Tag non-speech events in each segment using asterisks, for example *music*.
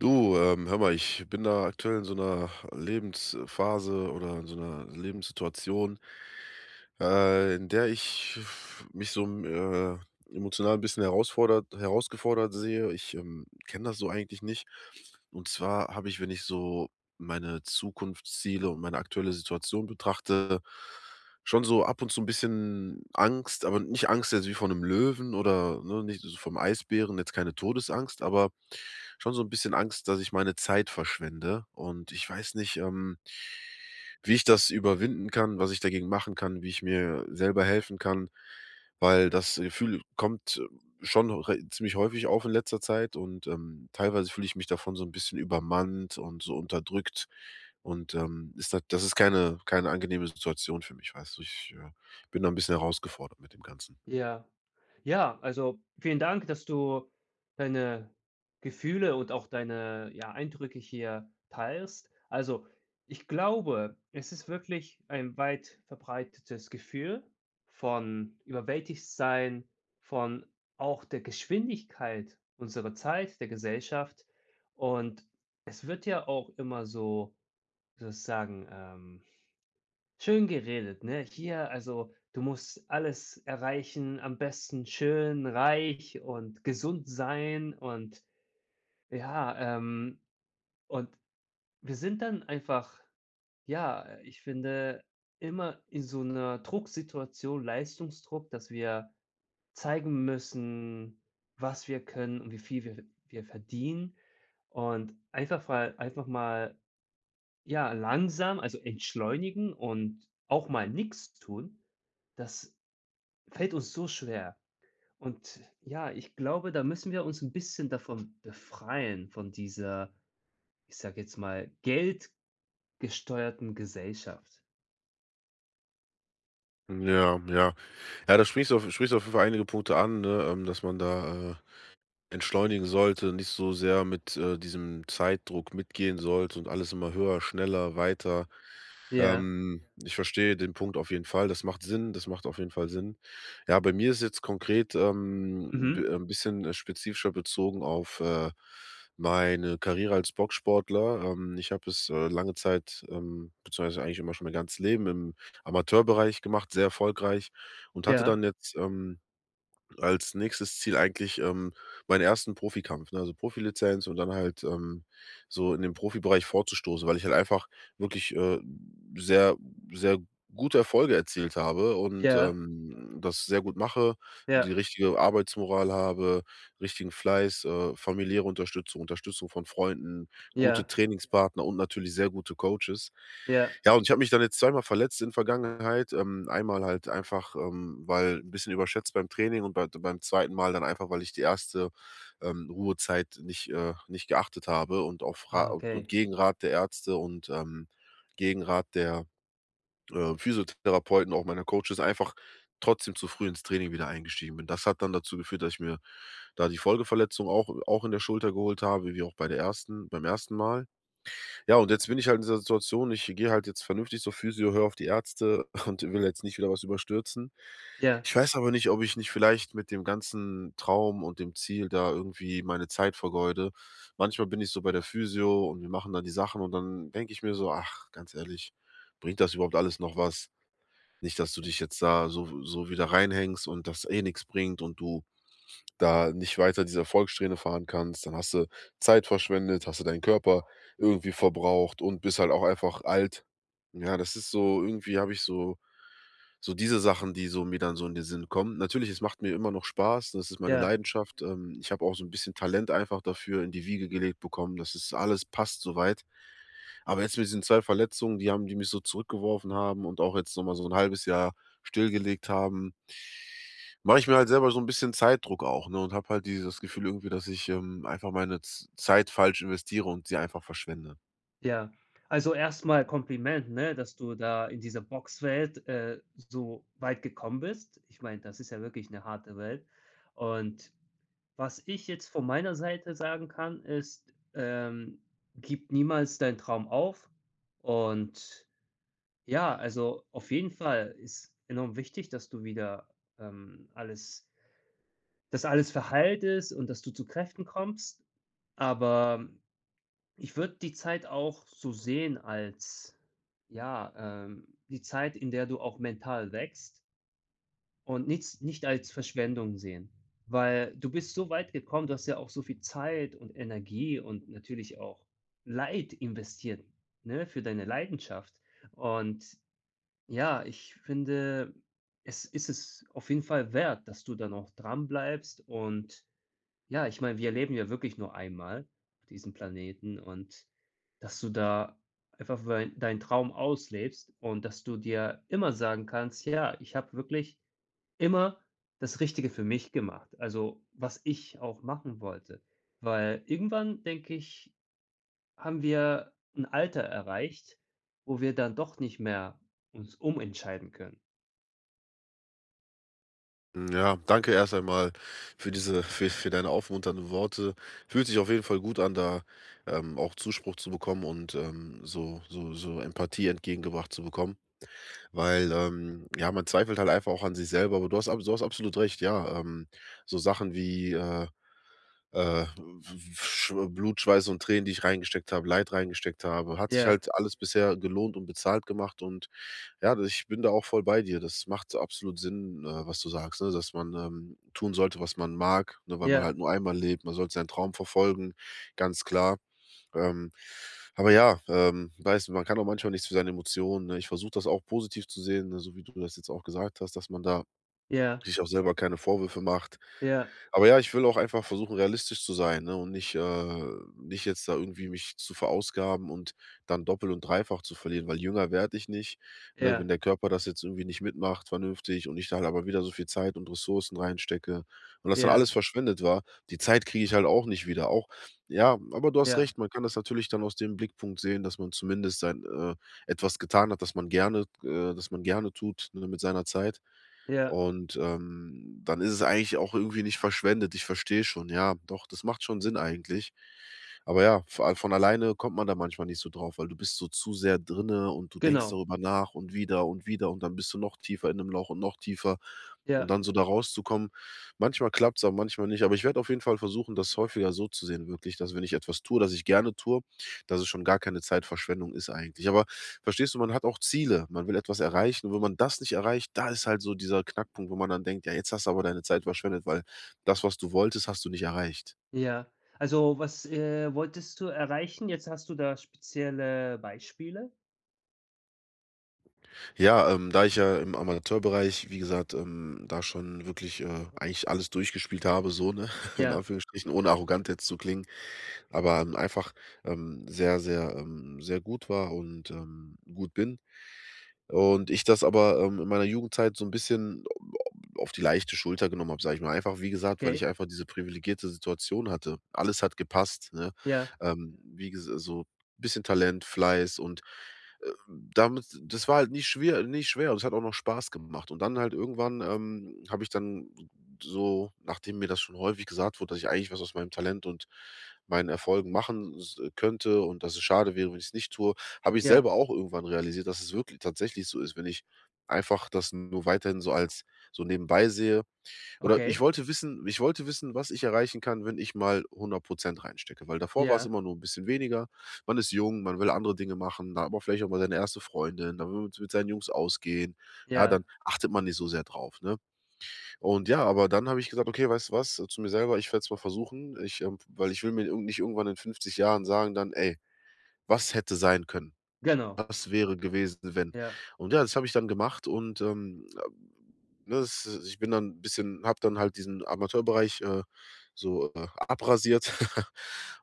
Du, ähm, hör mal, ich bin da aktuell in so 'ner Lebensphase oder in so 'ner Lebenssituation, äh, in der ich f mich so, m äh, emotional 'n bisschen herausfordert herausgefordert sehe. Ich, ähm, kenn das so eigentlich nicht. Und zwar habe ich, wenn ich so meine Zukunftsziele und meine aktuelle Situation betrachte, schon so ab und zu 'n bisschen Angst, aber nicht Angst jetzt wie vor 'nem Löwen oder, ne, nicht so vorm Eisbären, jetzt keine Todesangst, aber schon so 'n bisschen Angst, dass ich meine Zeit verschwende. Und ich weiß nicht, ähm wie ich das überwinden kann, was ich dagegen machen kann, wie ich mir selber helfen kann, weil das Gefühl kommt schon re ziemlich häufig auf in letzter Zeit und, ähm, teilweise fühl ich mich davon so 'n bisschen übermannt und so unterdrückt, und, ähm, ist da das ist keine keine angenehme Situation für mich, weißt du. Ich, äh, bin da 'n bisschen herausgefordert mit dem Ganzen. Ja, ja, also vielen Dank, dass du deine Gefühle und auch deine, ja, Eindrücke hier teilst. Also, ich glaube, es ist wirklich ein weit verbreitetes Gefühl von überwältigt sein, von auch der Geschwindigkeit, unserer Zeit, der Gesellschaft und es wird ja auch immer so- wie soll ich sagen- ähm, schön geredet, ne? Hier, also du musst alles erreichen, am besten schön, reich und gesund sein und ja. Ähm, und wir sind dann einfach, ja, äh, ich finde immer in so 'ner Drucksituation Leistungsdruck, dass wir zeigen müssen, was wir können und wie viel wir ve wir verdienen und einfach mal einfach mal, ja, langsam, also entschleunigen und auch mal nix tun, das fällt uns so schwer. Und ja, ich glaube, da müssen wir uns 'n bisschen davon befreien, von dieser, ich sage jetzt mal, geldgesteuerten Gesellschaft. Mhm, ja, ja. Ja, da sprichst du auf sprichst du auf jeden Fall einige Punkte an, ne? Ähm, dass man da, äh, Entschleunigen sollte, nicht so sehr mit, äh, diesem Zeitdruck mitgehen sollte und alles immer höher, schneller, weiter. Ja. Ähm, Ich verstehe den Punkt auf jeden Fall. Das macht Sinn, das macht auf jeden Fall Sinn. Ja, bei mir ist jetzt konkret, ähm, d Mhm. ähm, 'n bisschen, äh, spezifischer bezogen auf, äh, meine Karriere als Boxsportler. Ähm, ich habe es, äh, lange Zeit, ähm beziehungsweise eigentlich immer schon mein ganzes Leben im Amateurbereich gemacht, sehr erfolgreich und hatte Ja. dann jetzt, ähm, als nächstes Ziel eigentlich, ähm, meinen ersten Profikampf, ne? Also Profilizenz und dann halt, ähm, so in den Profibereich vorzustoßen, weil ich halt einfach wirklich, äh, sehr, sehr gute Erfolge erzielt habe und, Ja. ähm, hm, das sehr gut mache und die Ja. richtige Arbeitsmoral habe, richtigen Fleiß, äh, familiäre Unterstützung, Unterstützung von Freunden, gute Ja. Trainingspartner und natürlich sehr gute Coaches. Ja. Ja, und ich habe mich dann jetzt zweimal verletzt in der Vergangenheit. Ähm, einmal halt einfach, ähm, weil ’n bisschen überschätzt beim Training und bei d beim 2. Mal dann einfach, weil ich die 1. ähm, Ruhezeit nicht äh, nicht geachtet habe und auf Ra Ah, und okay. Gegenrat der Ärzte, und, ähm, Gegenrat der, äh, Physiotherapeuten, auch meiner Coaches, einfach trotzdem zu früh ins Training wieder eingestiegen bin. Das hat dann dazu geführt, dass ich mir da die Folgeverletzung auch auch in der Schulter geholt habe, wie wie auch bei der ersten beim 1. Mal. Ja, und jetzt bin ich halt in dieser Situation, ich gehe halt jetzt vernünftig zur Physio, höre auf die Ärzte und *chuckles* und will jetzt nicht wieder was überstürzen. Ja. Ich weiß aber nicht, ob ich nicht vielleicht mit dem ganzen Traum und dem Ziel da irgendwie meine Zeit vergeude. Manchmal bin ich so bei der Physio und wir machen da die Sachen. Und dann denke ich mir so: „Ach, ganz ehrlich, bringt das überhaupt alles noch was? Nicht, dass du Ja. dich jetzt da so w so wieder reinhängst und das eh nix bringt und du da nicht weiter diese Erfolgssträhne fahren kannst. Dann hast du Zeit verschwendet, hast du deinen Körper irgendwie verbraucht und bist halt auch einfach alt." Ja, das ist so irgendwie habe ich so so diese Sachen, die so mir dann so in den Sinn kommen. Natürlich, es macht mir immer noch Spaß, das ist meine Ja. Leidenschaft, ähm. Ich habe auch so ’n bisschen Talent einfach dafür in die Wiege gelegt bekommen, das ist alles passt so weit. Aber jetzt mit diesen 2 Verletzungen, die haben die mich so zurückgeworfen haben und auch jetzt noch mal so 1/2 Jahr stillgelegt haben. Mache ich mir halt selber so ’n bisschen Zeitdruck auch, ne, und habe halt dieses Gefühl irgendwie, dass ich, ähm, einfach meine Z Zeit falsch investiere und sie einfach verschwende. Ja, also erst mal Kompliment, ne, dass du da in dieser Boxwelt, äh, so weit gekommen bist. Ich meine, das ist ja wirklich 'ne harte Welt. Und, was ich jetzt von meiner Seite sagen kann, ist, ähm, gib niemals deinen Traum auf. Und, ja, also auf jeden Fall ist enorm wichtig, dass du wieder, ähm, alles dass alles verheiltest ist und dass du zu Kräften kommst. Aber, ich würde die Zeit auch so sehen als ja, ähm, die Zeit, in der du auch mental wächst. Und nichts nicht als Verschwendung sehen, weil du bist so weit gekommen, du hast ja auch so viel Zeit und Energie und natürlich auch Leid investiert, ne, für deine Leidenschaft und, ja, ich finde, es ist es auf jeden Fall wert, dass du dann auch dran bleibst und ja, ich meine, wir leben ja wirklich nur einmal auf diesem Planeten und, dass du da einfach weil deinen Traum auslebst und dass du dir immer sagen kannst: „Ja, ich habe wirklich immer das Richtige für mich gemacht!“ Also was ich auch machen wollte, weil irgendwann denke ich, haben wir 'n Alter erreicht, wo wir dann doch nicht mehr uns umentscheiden können. Hm, ja. Danke erst einmal für diese für für deine aufmunternden Worte. Fühlt sich auf jeden Fall gut an, da, ähm, auch Zuspruch zu bekommen und, ähm, so so so Empathie entgegengebracht zu bekommen. Weil, ähm, ja, man zweifelt halt einfach auch an sich selber, aber du hast abso du hast absolut recht, ja, ähm, so Sachen wie, äh, äh, f f Schw Blut, Schweiß und Tränen, die ich reingesteckt habe, Leid reingesteckt habe, hat sich Ja. halt alles bisher gelohnt und bezahlt gemacht und ja, d ich bin da auch voll bei dir. Das macht absolut Sinn, äh, was du sagst, ne, dass man, ähm, tun sollte, was man mag, ne, weil man Ja. halt nur einmal lebt, man sollte seinen Traum verfolgen, ganz klar. Ähm, aber ja, ähm, weißt du, man kann auch manchmal nichts für seine Emotionen, ne? Ich versuche das auch positiv zu sehen, ne, so wie du das jetzt auch gesagt hast, dass man da Ja. sich auch selber keine Vorwürfe macht. Ja. Aber ja, ich will auch einfach versuchen, realistisch zu sein, ne, und nicht, äh nicht jetzt da irgendwie mich zu verausgaben und dann doppel und dreifach zu verlieren, weil jünger werd ich nicht, ne? Wenn Ja. der Körper das jetzt irgendwie nicht mitmacht vernünftig und ich da halt aber wieder so viel Zeit und Ressourcen reinstecke und das dann alles Ja. verschwendet war, die Zeit kriege ich halt auch nicht wieder auch ja, aber du hast Ja. recht, man kann das natürlich dann aus dem Blickpunkt sehen, dass man zumindest sein äh, etwas getan hat, das man gerne äh, das man gerne tut, ne, mit seiner Zeit. Ja. Und, ähm, dann ist es eigentlich auch irgendwie nicht verschwendet. Ich verstehe schon, ja. Doch, das macht schon Sinn eigentlich. Aber ja, vo a von alleine kommt man da manchmal nicht so drauf, weil du bist so zu sehr drinne und denkst Genau. darüber nach und wieder und wieder und dann bist du noch tiefer in 'nem Loch und noch tiefer. Und Ja. dann so da rauszukommen, manchmal klappt's aber manchmal nicht. Aber ich werde auf jeden Fall versuchen, das häufiger so zu sehen wirklich, dass wenn ich etwas tue, das ich gerne tue, dass es schon gar keine Zeitverschwendung ist eigentlich. Aber verstehst du, man hat auch Ziele, man will etwas erreichen und wenn man das nicht erreicht, da ist halt so dieser Knackpunkt, wo man dann denkt: „Ja, jetzt hast du aber deine Zeit verschwendet.“ Weil das, was du wolltest, hast du nicht erreicht. Ja, also was, äh, wolltest du erreichen? Jetzt hast du da spezielle Beispiele? Ja, ähm, da ich ja im Amateurbereich, wie gesagt, ähm, da schon wirklich, äh, eigentlich alles durchgespielt habe, so, ne *laughs* in Ja. Anführungsstrichen ohne arrogant jetzt zu klingen, aber, hm, einfach, ähm, sehr, sehr, ähm, sehr gut war und, ähm, gut bin. Und ich das aber, ähm, in meiner Jugendzeit so 'n bisschen au au au auf die leichte Schulter genommen hab, sage ich mal, einfach wie gesagt, weil ich Okay. einfach diese privilegierte Situation hatte. Alles hat gepasst, ne? Ja. Ähm, wie gesa so bisschen Talent, Fleiß und, äh, damit das war halt nie schwier nie schwer und es hat auch noch Spaß gemacht. Und dann halt irgendwann, ähm, hab ich dann s so nachdem mir das schon häufig gesagt wurde, dass ich eigentlich was aus meinem Talent und meinen Erfolgen machen s könnte und dass es schade wäre, wenn ich's nicht tue, hab ich Ja. selber auch irgendwann realisiert, dass es wirkl tatsächlich so ist, wenn ich einfach das nur weiterhin so als so nebenbei sehe Oder ich Okay. wollte wissen ich wollte wissen, was ich erreichen kann, wenn ich mal 100 % reinstecke, weil davor war's Ja. immer nur 'n bisschen weniger. Man ist jung, man will andere Dinge machen, da hat man vielleicht auch mal seine erste Freundin, da will man's mit seinen Jungs ausgehen. Ja, Ja. dann achtet man nicht so sehr drauf, ne? Und ja, aber dann hab ich gesagt: „Okay, weißt du was?", zu mir selber: „Ich werd's mal versuchen.“ Ich, äh, weil ich will mir irgend nicht irgendwann in 50 Jahren sagen dann: „Ey, was hätte sein können? Genau. Was wäre gewesen, wenn?“ Ja. Und ja, das habe ich dann gemacht und, ähm, ab ne, es ich bin dann bisschen habe dann halt diesen Amateurbereich, äh, so, äh, abrasiert *laughs*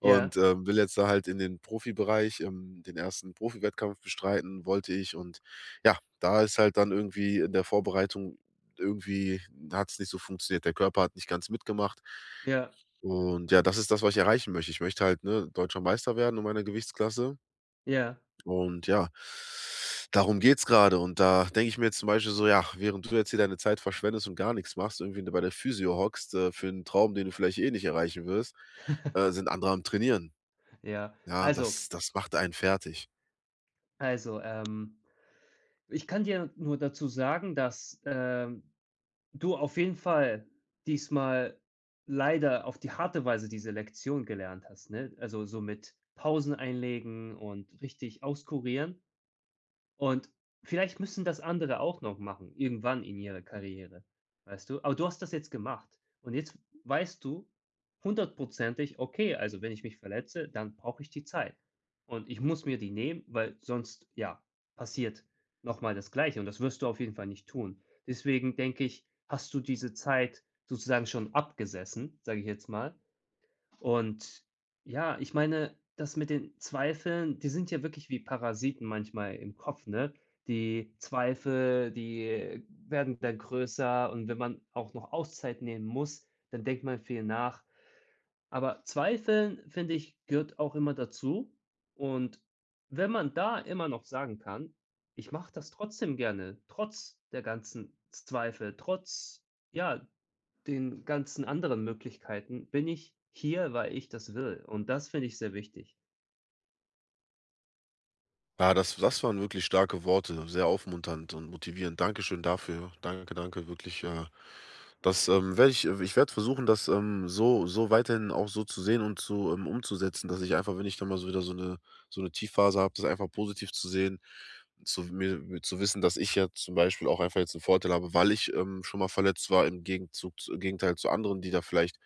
und, Ja. ähm, will jetzt da halt in den Profibereich ähm, den ersten Profiwettkampf bestreiten, wollte ich. Und ja, da ist halt dann irgendwie in der Vorbereitung irgendwie hat's nicht so funktioniert, der Körper hat nicht ganz mitgemacht. Ja. Und ja, das ist das, was ich erreichen möchte. Ich möchte halt, ne, deutscher Meister werden in meiner Gewichtsklasse. Ja. Und ja, darum geht's grade und da denke ich mir jetzt zum Beispiel so: „Ja, während du jetzt hier deine Zeit verschwendest und gar nichts machst, irgendwie, ne, bei der Physio hockst, äh, für 'n Traum, den du vielleicht eh nicht erreichen wirst, äh, *laughs* sind andere am Trainieren.“ Ja, Ja, also das das macht einen fertig. Also, ähm, ich kann dir nur dazu sagen, dass, äh, du auf jeden Fall diesmal leider auf die harte Weise diese Lektion gelernt hast, ne? Also, so mit Pausen einlegen und richtig auskurieren und vielleicht müssen das andere auch noch machen, irgendwann in ihrer Karriere, weißt du? Aber du hast das jetzt gemacht und jetzt weißt du hundertprozentig: „Oay, also wenn ich mich verletze, dann brauche ich die Zeit und ich muss mir die nehmen, weil sonst ja, passiert noch mal das Gleiche.“ Und das wirst du auf jeden Fall nicht tun. Deswegen denke ich, hast du diese Zeit sozusagen schon abgesessen, sage ich jetzt mal. Und ja, ich meine, das mit den Zweifeln die sind ja wirklich wie Parasiten manchmal im Kopf, ne? Die Zweifel, die werden dann größer und wenn man auch noch Auszeit nehmen muss, dann denkt man viel nach. Aber zweifeln finde ich gehört auch immer dazu, und wenn man da immer noch sagen kann: „Ich mache das trotzdem gerne, trotz der ganzen Z Zweifel, trotz ja, den ganzen anderen Möglichkeiten bin ich hier, weil ich das will!“ Und das finde ich sehr wichtig. Ja, das das waren wirklich starke Worte, sehr aufmunternd und motivierend. Dankeschön dafür. Danke, danke wirklich, äh, dass, ähm, werde ich ich werde versuchen, das, ähm, so so weiterhin auch so zu sehen und zu ähm, umzusetzen, dass ich einfach, wenn ich dann mal so wieder so 'ne so 'ne Tiefphase hab, das einfach positiv zu sehen, zu mir zu wissen, dass ich ja zum Beispiel auch einfach jetzt 'n Vorteil habe, weil ich, ähm, schon mal verletzt war im Gegenzug zu im Gegenteil zu anderen, die da vielleicht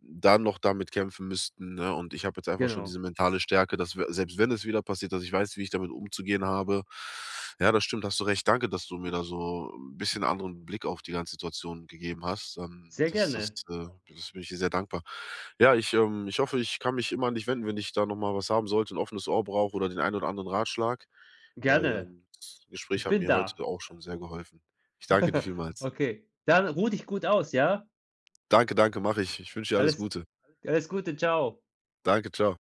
dann noch damit kämpfen müssten, ne? Und ich habe jetzt einfach schon Genau. diese mentale Stärke, dass wir selbst wenn es wieder passiert, dass ich weiß, wie ich damit umzugehen habe. Ja, das stimmt. Hast du recht. Danke, dass du mir da so 'n bisschen anderen Blick auf die ganze Situation gegeben hast, ähm, Sehr das das gerne. äh, das bin ich dir sehr dankbar. Ja, ich, ähm, ich hoffe, ich kann mich immer an dich wenden, wenn ich da noch mal was haben sollte, 'n offenes Ohr brauche oder den ein oder anderen Ratschlag, weil, Gerne. ähm, das Gespräch Ich hat bin mir da. heute auch schon sehr geholfen. Ich danke dir *laughs* vielmals. Okay, dann ruh dich gut aus, ja? Danke, danke, mache ich. Ich wünsche dir alles Alles Gute. alles Gute. Ciao. Danke. Ciao.